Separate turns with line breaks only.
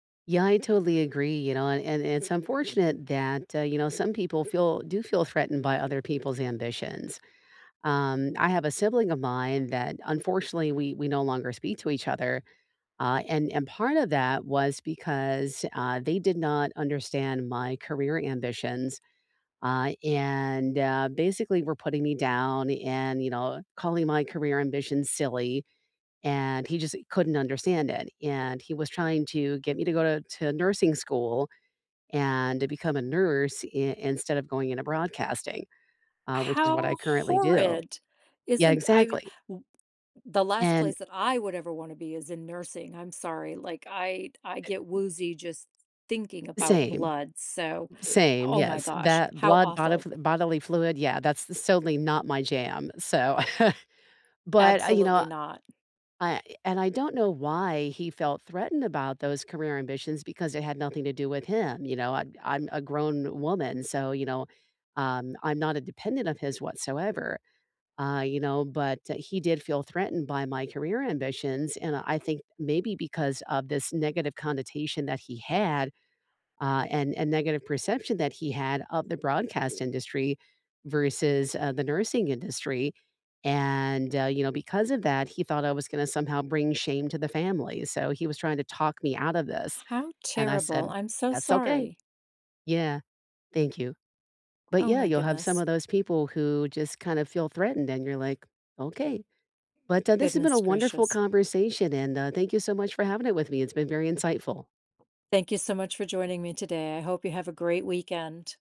Yeah, I totally agree, you know, and and it's unfortunate that, uh, you know, some people feel do feel threatened by other people's ambitions. Um, I have a sibling of mine that, unfortunately, we we no longer speak to each other, uh, and and part of that was because, uh, they did not understand my career ambitions uh, and, uh, basically, were putting me down and, you know, calling my career ambition silly, and he just couldn't understand it, and he was trying to get me to go to to nursing school and to become a nurse i instead of going into broadcasting, uh, which is what I
How
currently do.
horrid.
Yeah,
Isn't th I
exactly.
w the last
And
place that I would ever wanna be is in nursing, I'm sorry, like, I'd I get
[unintelligible]
woozy just thinking about
Same.
blood, so,
Same,
oh my
yes.
gosh,
That
how
blood
awful.
bodifl bodily fluid, yeah, that's that's totally not my jam, so, but, uh, you know,
Absolutely not.
I and I don't know why he felt threatened about those career ambitions, because they had nothing to do with him, you know, I'm I'm a grown woman, so, you know, um, I'm not a dependent of his whatsoever, uh, you know, but, uh, he did feel threatened by my career ambitions, and I think maybe because of this negative connotation that he had, uh, and and negative perception that he had of the broadcast industry versus, uh, the nursing industry, and, uh, you know, because of that, he thought I was gonna somehow bring shame to the family, so he was trying to talk me out of this,
How
and I
terrible,
said,
I'm so
"That's okay"
sorry.
Yeah, thank you. But,
Oh
yeah,
my
you'll have some
goodness.
of those people who just kinda feel threatened and you're like, "Okay." But, uh, this has been
Goodness
a wonderful
gracious.
conversation, and, uh, thank you so much for having it with me, it's been very insightful.
Thank you so much for joining me today, I hope you have a great weekend.